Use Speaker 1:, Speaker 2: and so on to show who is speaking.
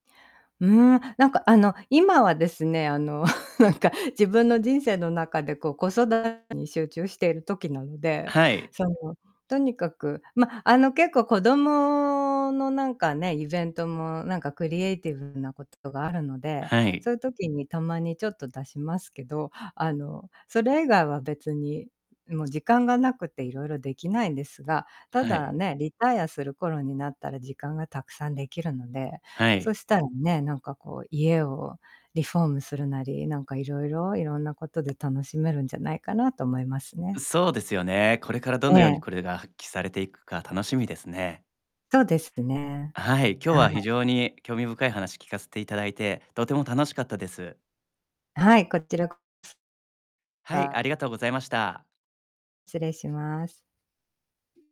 Speaker 1: うん、何かあの、今はですね、あの、なんか自分の人生の中でこう子育てに集中している時なので、
Speaker 2: はい。
Speaker 1: その、とにかく、ま、あの、結構子供のなんかね、イベントもなんかクリエイティブなことがあるので、
Speaker 2: はい。
Speaker 1: そういう時にたまにちょっと出しますけど、あの、それ以外は別に、もう時間が無くて色々できないんですが、た
Speaker 2: は
Speaker 1: だ
Speaker 2: い。
Speaker 1: ね、リタイアする頃になったら時間がたくさん出来るので、
Speaker 2: はい。
Speaker 1: そしたらね、なんかこう家をリフォームするなり、なんか色々、色んなことで楽しめるんじゃないかなと思いますね。
Speaker 2: そうですよね。これからどの
Speaker 1: え
Speaker 2: ように
Speaker 1: え。
Speaker 2: これが発揮されていくか楽しみですね。
Speaker 1: そうですね。
Speaker 2: はい、今日
Speaker 1: は
Speaker 2: は非
Speaker 1: い。
Speaker 2: 常に興味深い話聞かせていただいて、とても楽しかったです。
Speaker 1: はい、こちらこす、
Speaker 2: はい、あり
Speaker 1: た。
Speaker 2: がとうございました。
Speaker 1: 失礼します。